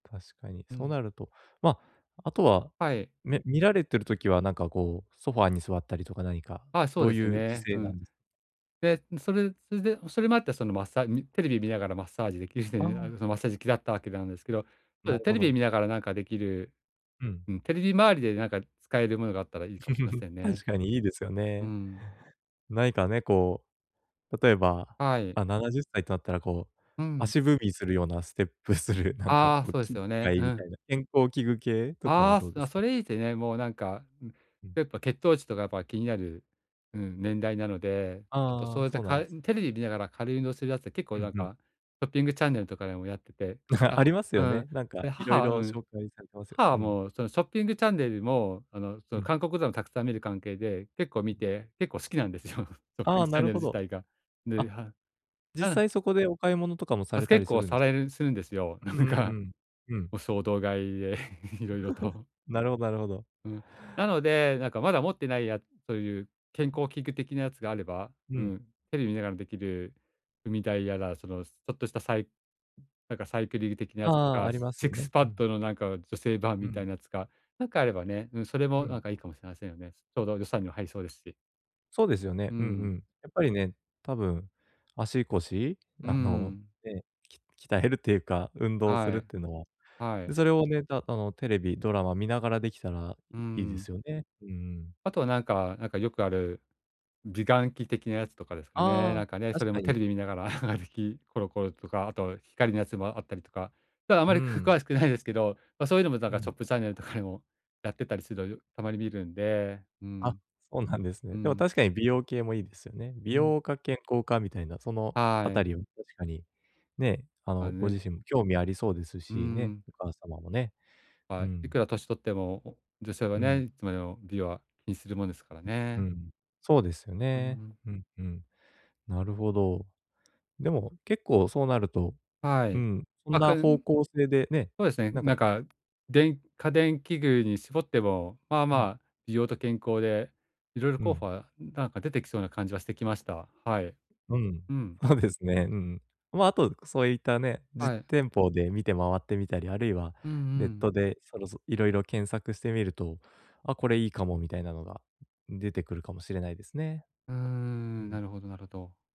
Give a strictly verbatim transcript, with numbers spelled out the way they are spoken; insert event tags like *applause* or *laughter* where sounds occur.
確かに、うそうん。なると、まあ、あとは、はい。め見られてる時はなんか、こう、ソファーに座ったりとか何かあ、そうどでうすよいうね。姿勢うなん。ん？で、それ、すでおそれもあって、そのマッサーみテレビ見ながらマッサージできるっていあうのがああ。る、そのマッサージ機だったわけなんですけど。となれるテほレビど。見ながらなんかできる。うん。うん、テレビ周りでなんか使えるものがあったらいいかもしれま *chuckles* せんね。確かにいいですようね。ん。ないかね、こう、例えば、はい。あ、ななじゅっさいとあったらこう、うん。足踏みするような、ステップする、なんかああ、こうそうです機よね。械うみたん。いな、健康器具系とかはああ、どすうでなすか？それ、いいてね、もうなんかうん。やっぱ血糖値とかやっぱ気になる、うん、年代なので、ちょっとそあうあ、やった、そうなかんえです。テレビ見ながら軽い運動するやつって、結構うなんんうん。かショッピングチャンネルとかでもやってて、*chuckles* あ、ありますうよん、ね、なんかで、いろ母いはうろん。紹介されてますよね。母はうん。もうそのショッピングチャンネルもあの、そうの、ん。韓国ドをたくさん見る関係で、結構見うん。て、結構好きなんですよ。ショッピあンあ、グチなャンるネルほ自ど。体が。で、あ。は実うん。際、そこでお買い物とかもさばれすた結りす構るんでさす？れるするんですよ。なううんんうかん。うん。もう衝動買いで色々と。*laughs* なるほどなるほど。うん、なので「なんかまだ持ってないや」という健うん。康器具的なやつがあれば、ううん。ん、テレビ見ながらできる踏み台やら、その、すちょっとしたサイなんかサイクリル的なやつとああ、か、ありシますッよクスね。パうッん。ドのなんか女性版うみたいん。なやつが、なんかあればね、うん、それうもなんん。かいいかもしれませんよね。ちょうど予算には入りそうですし。そうですようね、うんうん。ん。やっぱりね、多分足腰？うあの、ん。ね、き鍛えるっていうか、運動すはるっい。てのは。はで、い。それをね、たあの、テレビ、ドラマ見ながらできたらういいでん。すよね。うんうん。あとは、なんか、なんかよくある美顔器的なやつとかですかね。ああ、なんかね、そ確れかもテに。レビ見ながら、*chuckles* できコロコロとか、あと光のやつもあったりとか、ただあまうり、くん。詳しくないですけど、ま、そういうのもだうから、シん。ョップチャンネルとかでもやってたりするの、よたまに見るんで、うあ、ん。おんなんですうね。でも、ん。確かに美容系もいいですよね。美うん。容か健康かみたいな、そのあはたい。りを確かに、ね、ああ、の、ごね。自身も興味ありそうですうし、ね、ん。お母様もね。うはい、いん。くら年取っても、お女性はうね、ん。いつまでも美は気にするもんですからうね。ん、そうですようんうね。ん。うん、うん。なるほど。でも、結構そうなると、はうい。ん、うあんくな方ん向性でね、そうですね。なんか、ないか、電家電器具に絞っても、まあうまん。あ、美容と健康で色々う候補ん。は、うん、なんか出てきそうな感じはしてきました。はい。うん。うん。ほうですねううん。まあ、あとそういったね、実はい。店舗で見て回ってみたり、あるいはうんうネッん。トでそろそいろいろ検索してみると「あ、これいいかも」みたいなのが、出てくるかもしれないですね。うーうん、ん。なるほど、なろど。